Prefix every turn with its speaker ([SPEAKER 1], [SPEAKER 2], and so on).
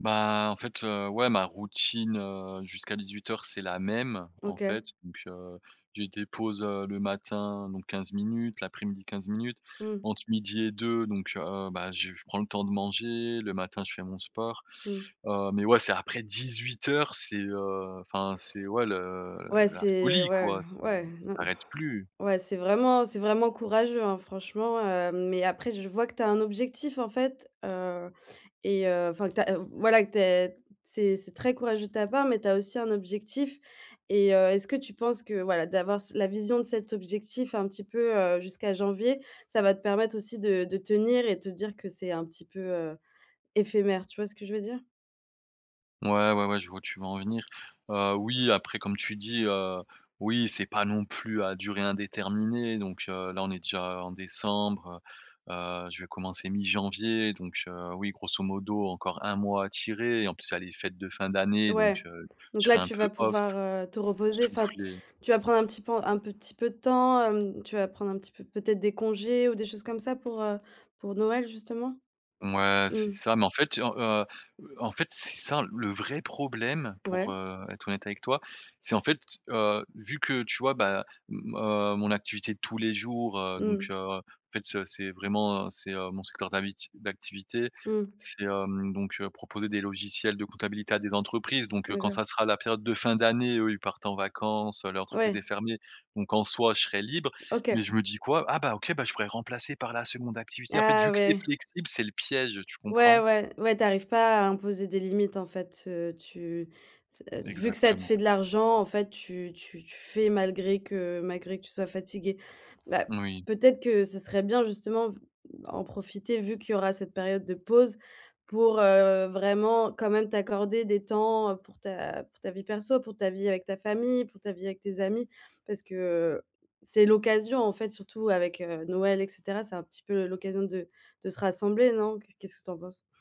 [SPEAKER 1] Bah, en fait, heu, ouais ma routine, heu, jusqu'à 18:00 c'est la même. En fait,
[SPEAKER 2] OK.
[SPEAKER 1] donc, heu, j'ai des pauses, heu, le matin donc 15 minutes, l'après-midi 15 minutes,
[SPEAKER 2] Mmh.
[SPEAKER 1] entre midi et deux donc heu, bah j je prends le temps de manger, le matin je fais mon sport,
[SPEAKER 2] Mmh.
[SPEAKER 1] heu, mais, ouais c'est après 18:00, c'est, heu, enfin c'est ouais le
[SPEAKER 2] Ouais,
[SPEAKER 1] la
[SPEAKER 2] c'est
[SPEAKER 1] folie
[SPEAKER 2] ouais,
[SPEAKER 1] quoi, c'est
[SPEAKER 2] ouais.
[SPEAKER 1] ça
[SPEAKER 2] Non,
[SPEAKER 1] s'arrête plus.
[SPEAKER 2] ouais, c'est vraiment c'est vraiment courageux, hein, franchement, heu mais après, je vois que tu as un objectif, en fait, heu et heu, enfin, que tu as voilà que tu as c'est c'est très courageux de ta part, mais tu as aussi un objectif et heu, est-ce que tu penses que, voilà, d'avoir c la vision de cet objectif un petit peu, heu, jusqu'à janvier, ça va te permettre aussi de de tenir et te dire que c'est un petit peu, heu, éphémère? Tu vois ce que je veux dire?
[SPEAKER 1] Ouais, ouais, ouais je vois où tu veux en venir, heu, oui après comme tu dis, heu, oui c'est pas non plus à durée indéterminée, donc heu, là on est déjà en décembre, heu, heu, je vais commencer mi-janvier donc heu, oui grosso modo encore 1 mois à tirer et en plus, il y a les fêtes de fin d'année donc
[SPEAKER 2] Ouais.
[SPEAKER 1] heu,
[SPEAKER 2] Donc
[SPEAKER 1] je
[SPEAKER 2] là,
[SPEAKER 1] serai un
[SPEAKER 2] tu vas
[SPEAKER 1] peu off.
[SPEAKER 2] pouvoir, heu, te reposer, enfin,
[SPEAKER 1] Souffler.
[SPEAKER 2] tu vas prendre un petit pan un petit peu de temps, hem, tu vas prendre un petit peu, peut-être, des congés ou des choses comme ça pour, heu, pour Noël justement?
[SPEAKER 1] Mouais c'est
[SPEAKER 2] Mmh.
[SPEAKER 1] ça, mais en fait, heu, heu, e en fait c'est ça. Le vrai problème, pour,
[SPEAKER 2] Ouais.
[SPEAKER 1] heu, être honnête avec toi. C'est, en fait, heu, vu que tu vois, bah, m-m heu, mon activité tous les jours, heu,
[SPEAKER 2] Mmh
[SPEAKER 1] donc
[SPEAKER 2] mh.
[SPEAKER 1] heu, en fait ce c'est vraiment c'est, heu, mon secteur d'avi d'activité.
[SPEAKER 2] Mmh.
[SPEAKER 1] C'est, hem, donc heu, proposer des logiciels de comptabilité à des entreprises donc heu, quand
[SPEAKER 2] D'accord.
[SPEAKER 1] ça sera la période de fin d'année, eux ils partent en vacances, heu, l'entreprise
[SPEAKER 2] Ouais.
[SPEAKER 1] est fermée. Donc en soi je serai libre,
[SPEAKER 2] OK.
[SPEAKER 1] mais je me dis quoi?: «Ah bah OK, je pourrais remplacer par la 2de activité», en fait
[SPEAKER 2] Ah
[SPEAKER 1] vu que c'est
[SPEAKER 2] ouais.
[SPEAKER 1] flexible, c'est le piège. Tu
[SPEAKER 2] Ouais,
[SPEAKER 1] comprends?
[SPEAKER 2] ouais. Ouais, tu arrives pas à imposer des limites en fait, heu, tu c
[SPEAKER 1] T
[SPEAKER 2] v vu que ça te
[SPEAKER 1] exactement.
[SPEAKER 2] fait de l'argent, en fait, tu tu tu fais malgré que malgré que tu sois fatigué. Bah,
[SPEAKER 1] Moui.
[SPEAKER 2] peut-être que ce serait bien justement v bah en profiter vu qu'il y aura cette période de pause, pour, heu, vraiment quand même t'accorder des temps, heu, pour ta pour ta vie perso. Pour ta vie avec ta famille, pour ta vie avec tes amis, parce que, heu, c'est l'occasion, en fait, surtout avec, heu, Noël et cetera. C'est un petit peu l'occasion de de se rassembler, non? Qu qu'est-ce que tu en penses?